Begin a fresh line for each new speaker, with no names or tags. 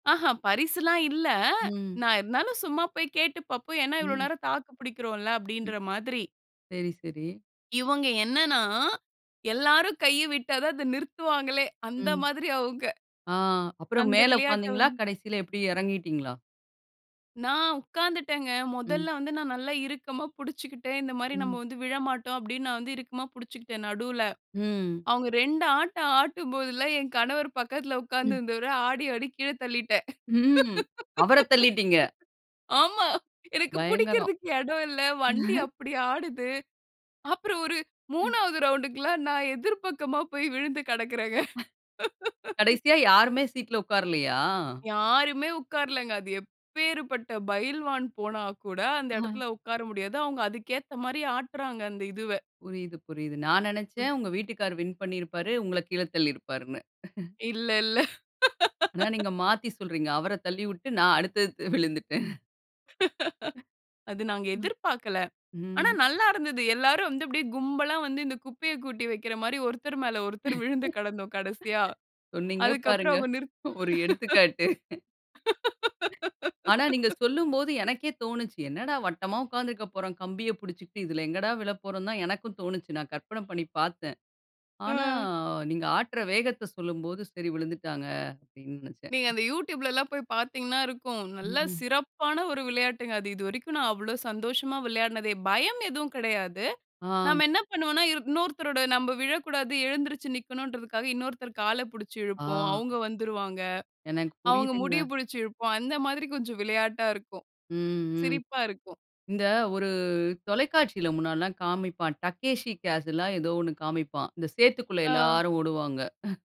ஆஹூம். பரிசுலாம் இல்ல.
ம்.
நான் இருந்தாலும் சும்மா போய் கேட்டு பாப்போம். ஏன்னா, இவ்ளோ
ம்.
நேரம் தாக்கு பிடிக்கிறோம்ல,
ம்.
அப்பிடீன்ற மாதிரி.
சரி, சரி.
இவங்க என்னன்னா, எல்லாரும் கைய விட்டா தான், அதை நிறுத்துவாங்களே, அந்த
ம்.
மாதிரி அவங்க.
ஆ. அப்புறம்
அந்த
மேலே
விளையாட்ட
உட்காந்தீங்களா?
வந்து
கடைசில எப்பிடி? இறங்கிட்டீங்களா?
நான் உட்கார்ந்துட்டேங்க.
ம்.
முதல்ல வந்து, நான் நல்லா இறுக்கமா புடிச்சுக்கிட்டேன். இந்த மாரி, நம்ம
ம்.
வந்து விழமாட்டோம், அப்பிடீன்னு, நான் வந்து இறுக்கமா புடிச்சுக்கிட்டேன், நடுல.
ம்.
அவங்க 2 ஆட்டம் ஆட்டும்போதுலாம் என் கணவரு, பக்கத்தில உட்கார்ந்து
ம்.
இருந்தவர, ஆடி ஆடி கீழ தள்ளிட்டேன்.
ம். அவர தள்ளிட்டீங்க.
ஆமா. எனக்கு
பயங்கரம்.
புடிக்கிறதுக்கு இடம் இல்ல, வண்டி அப்பிடி ஆடுது. அப்புறம், ஒரு
ம்.
3வது ரவுண்ட்க்குல்லாம், நான் எதிர் பக்கமா போய் விழுந்து கிடக்குறேங்க.
[unintelligible] கடைசியா யாருமே சீட்ல உட்காரலையா?
யாருமே உட்காரலங்க. அது எப்பேறு பட்ட பைல்வான் போனா கூட, அந்த
ஆ.
இடத்துல உட்கார முடியாது. அவங்க, அதுக்கு ஏத்த மாரி ஆட்டுறாங்க, அந்த இதுவ.
புரியுது, புரியுது. நான் நினைச்சேன், உங்க வீட்டுக்காரர் வின் பண்ணிருப்பாரு. உங்கள கீழ தள்ளியிருப்பாருன்னு.
இல்ல, இல்ல.
ஆனா, நீங்க மாத்தி சொல்றீங்க. அவர தள்ளிவுட்டு, நான் அடுத்தடுத்து விழுந்துட்டேன். அ,
அது நாங்க
ம்.
எதிர்பார்க்கல. ஆனா,
ம்.
நல்லா இருந்தது. எல்லாரும் வந்து அப்படியே கும்பலா வந்து, இந்த குப்பைய கொட்டி வைக்கிற மாதிரி ஒருத்தர் மேல ஒருத்தர் விழுந்து கிடந்தோம், கடைசியா.
சொன்னீங்க
அதற்கு அப்புறம்
பாருங்க,
அவங்க நிறுத்
ஒரு எடுத்துக்காட்டு. ஆனா, நீங்க சொல்லும்போது எனக்கே தோனுச்சு. என்னடா! வட்டமா உட்கார்ந்திருக்கப் போறோம். கம்பியைப் பிடிச்சுக்கிட்டு, இதில எங்கடா விழப்போறோம்ன்னு தான் எனக்கும் தோனுச்சு. நான் கற்பனை பண்ணி பாத்தேன். ஆனா,
ஆ.
நீங்க ஆட்டுற வேகத்த சொல்லும்போது, சரி, விழுந்துட்டாங்க. அப்பிடீன்னு நினைச்சேன்.
நீங்க அந்த YouTubeலலாம் போய் பாத்தீங்கன்னா, இருக்கும். நல்லா
ம்ஹ்ம்.
சிறப்பான ஒரு விளையாட்டுங்க. அது இதுவரைக்கும் நான் அவ்வளோ சந்தோஷமா விளையாடினதே பயம் எதுவும் கிடையாது.
ஆ.
நம்ம என்ன பண்ணுவோம்னா, இரு இன்னொருத்தரோட நம்ப விழக்கூடாது, எழுந்திரிச்சு நிக்கணுன்றதுக்காக, இன்னொருத்தர் கால புடிச்சு
ஆ.
இழுப்போம். அவுங்க வந்துருவாங்க.
எனக்கு
அவுங்க
புரியுதுங்க.
முடிய பிடிச்சு இழுப்போம். அந்த மாதிரி கொஞ்சம் விளையாட்டா இருக்கும்.
ம். ம்.
சிரிப்பா இருக்கும்.
இந்த ஒரு தொலைக்காட்சில, முன்னாடிலாம் காமிப்பான். டக்கேஷி கேஷில்லா ஏதோ ஒண்ணு காண்பிப்பான். இந்த சேத்துக்குள்ள
ஆ,
எல்லாரும் ஓடுவாங்க. அ,